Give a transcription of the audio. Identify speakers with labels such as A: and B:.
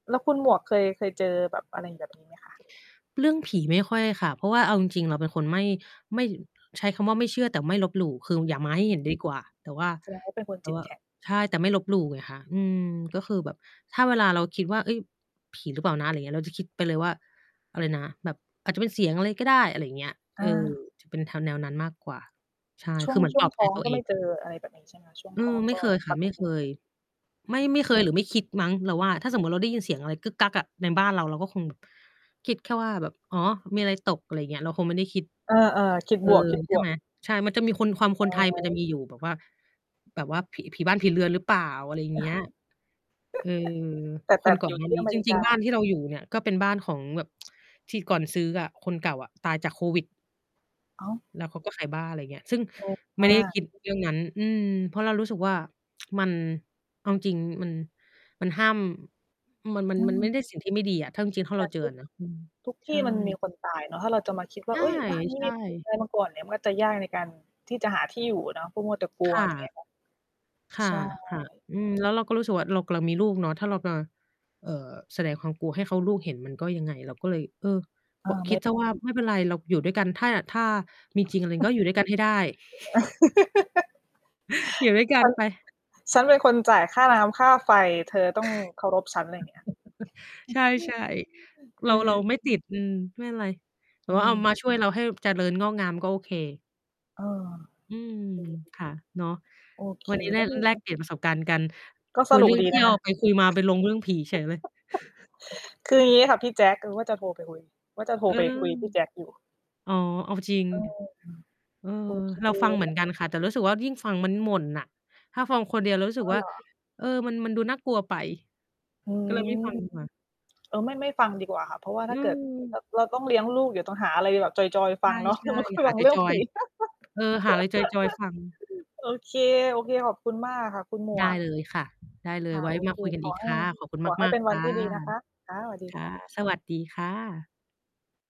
A: แล้วคุณหมวกเคย เคยเจอแบบ อะไร แบบนี้ไหมคะ?
B: เรื่องผีไม่ค่อยค่ะ เพราะว่าเอาจริง ๆ เราเป็นคนไม่ ไม่ ย ใช้คำว่า ไม่เชื่อแต่ไม่ลบหลู่ คืออย่ามาให้เห็นดีกว่า แต่ว่า
A: แสดงว่าเป็นคน
B: แต่
A: จิ
B: ว
A: ต
B: ่า
A: แข
B: อ
A: ็ง
B: ใช่ แต่ไม่ลบหลู่ไงคะ อืม ก็คือแบบถ้าเวลาเราคิดว่า "เฮ้ย ผีหรือเปล่านะ" ไรอย่างเงี้ย เราจะคิดไปเลยว่า อะไรนะ แบบ "อาจจะเป็นเสียงอะไรก็ได้" อะไรอย่างเงี้ย
A: อ
B: เออ
A: า
B: จะเป็นแนว- แนวนั้นมากกว่า ใช่
A: ช่
B: ค
A: ว
B: ื
A: ง
B: อเหมือ
A: ช
B: น
A: ่
B: ป
A: วง
B: ลอบ
A: ท
B: ใจ
A: ้อง
B: ตัว
A: ก็
B: เอ
A: ไม
B: ง
A: ่เ
B: อะ
A: จอ อะไรแบบนี้ใช่ไหมคะ? ช่วง
B: อื
A: ท้อ
B: ม
A: ง
B: ไม
A: ก
B: ่
A: ็
B: เคยค
A: ป
B: ่ะ
A: ก
B: ไม่
A: ต
B: เ
A: ิ
B: คย ไม่
A: อ
B: ไม
A: ือ
B: ่ เคย หรือไม่คิดมั้ง เราว่า ถ้าสมมุติว่าเราได้ยินเสียงอะไร อะ ในบ้านเรา เราก็คงแบบ คิดแค่ว่าแบบ "อ๋อ มีอะไรตก" อะไรอย่างเงี้ย เราคงไม่ได้คิด
A: เออ ๆ คิด
B: เอ
A: บ
B: อ ใช่
A: ว
B: ไ
A: ก
B: ห
A: ๆ
B: ม ใช่ มันจะมีคน ความ
A: อ
B: ค
A: ะ
B: นไทย
A: ฮ
B: มันจะ
A: ะ
B: มีอยู่แบบว่า แบบว่า ผิ ผีบ้านผีเรือนหรือเปล่า อะไรอย่า
A: เ
B: ง
A: อ
B: เง
A: อ
B: ี้ย เออ
A: แต่ แต
B: ค
A: ่
B: นก่
A: อ
B: อ
A: ยู
B: น
A: ่
B: หน้
A: ท
B: า
A: ี่
B: นี้
A: อเม
B: จ
A: ริ
B: ร
A: ก
B: ิง
A: า
B: ๆ บ้านที่เราอยู่เนี่ย ก็เป็นบ้านของแบบ ที่ก่อนซื้ออะ คนเก่าอะตายจากโควิด
A: อ้าว!
B: แล้วเขาก็ขายบ้าน ไรอย่างเงี้ย ซึ่ง
A: แรง
B: ไม
A: ม
B: ่
A: า
B: ได้ค
A: ก
B: ิด เรื่องนั้น อืม เพราะเรารู้สึกว่า มัน เอาจริง ๆ มัน มันห้าม มัน มัน
A: อื
B: มันไม่
A: ม
B: ได้ สิ่ง ที่ไม่ดีอะ ถ้าจริง ๆ ถ้า
A: แต
B: เร
A: ่
B: าเจอ
A: ทุ
B: อ
A: ก
B: ะนะ อืม
A: ทุกท
B: ใช
A: ี่
B: ่
A: มันมีคนตายเนาะ ถ้าเราจะมาคิดว
B: ใ
A: ่า
B: ช่
A: "เฮ้ย บ้านนี้
B: ใช
A: มีคน
B: ่
A: ตายมาก่อน" เนี่ย มันก็จะยากในการที่จะหาที่อยู่เนาะ พวกมัวแต่กลั
B: ค
A: ว
B: ่ะ
A: ไรอย่างเงี้ยค่ะ
B: ค่
A: ใ
B: ะ
A: ช่
B: ค่ะ อืม แล้วเราก็รู้สึกว่า เรากำลังมีลูกเนาะ ถ้าเรามา เอ่อ แสดงความกลัวให้เขา ลูกเห็นมันก็ยังไง เราก็เลย เออ
A: เอ
B: ก
A: อ
B: ็ค
A: ไม
B: ิ
A: ่
B: ด
A: ไ
B: เ
A: ด
B: สีย
A: ้
B: ว่า "ไม่เป็นไร เราอยู่ด้วยกัน ถ้า ถ้ามีจริงอะไร ก็อยู่ด้วยกันให้ได้" อยู่ด้วยกั
A: "ฉ
B: น
A: ัน
B: ไป
A: ฉันเป็นคนจ่ายค่าน้ำค่าไฟ เธอต้องเคารพฉัน" ไรอย่างเงี้ย
B: ใช่ ๆ เร
A: เอ
B: า เร
A: อ
B: าไม่ติด อืม ไม่เป็นไร แต่
A: อื
B: ว่าเอา
A: ม
B: มาช่วยเราให้เจริญงอกงาม ก็โอเค
A: อ้อ เค
B: อืม ค่ะ เนาะ
A: อยู่ โอเค
B: วันนี้ ไ
A: แ
B: ด
A: ล
B: ้
A: ้ว มี
B: แลกเปลี่ยนประสบการณ์กัน
A: ก็
B: ค
A: ส
B: ุย
A: นุ
B: เร
A: ก
B: ื่อง
A: ดี
B: เท
A: น
B: ี่
A: ะ
B: ย
A: ค
B: ว
A: ะ
B: ไปคุยมาไปลงเรื่องผีเฉยเลย
A: คืออย่างงี้ค่ะพี่แจ็ค เราว่าจะโทรไปคุย ว่าจะโทร
B: เออ
A: ไปคุยกับพี่แจ็คอยู่
B: อ๋อ เอาจริง
A: เออ อืม
B: เออ
A: โอเค
B: เราฟังเหมือนกันค่ะ แต่รู้สึกว่ายิ่งฟังมันหม่นน่ะ ถ้าฟังคนเดียวเรารู้ส
A: อ
B: ึ
A: ๋อ
B: กว่
A: เ
B: า
A: หรอ?
B: เออ มัน มันดูน่ากลัวไป
A: อื
B: ก็เลยไม่
A: ม
B: ฟังดีกว่า
A: เออ ไม่ ไม่ฟังดีกว่าค่ะ เพราะว่า
B: อ
A: ถ
B: ื
A: ้าเกิด ร
B: ม
A: เราต้องเลี้ยงลูก เดี๋ยวต้องหาอะไรแบบจอย ๆ ฟ
B: ใ
A: ังเนาะ
B: ช
A: อย่าม
B: ่
A: า
B: ๆ ห
A: ฟ
B: า
A: ังเรื่อง
B: จ
A: ผ
B: อ
A: ี
B: ย ๆ เออ หาอะไร จอย ๆ ฟัง
A: โอเค ๆ ขอบคุณมากค่ะ คุณหม
B: ได
A: ว
B: ้
A: ก
B: เลยค่ะ ได้เล
A: ค
B: ย
A: ่ะ
B: ไว้
A: โอ
B: ม
A: เ
B: า
A: ค
B: คุยกัน
A: ข
B: อ
A: อ
B: ีก
A: ให
B: ค
A: ้
B: ่ะ ขอบคุณ
A: ขอให้
B: มา
A: เป
B: ก
A: ็น
B: ๆ
A: ว
B: ค
A: ัน
B: ่
A: ท
B: ะ
A: ี่ดีนะคะ ค่ะ สวัสดี
B: ค่
A: ค
B: ะ
A: ่ะ
B: สวัสดีค่ะ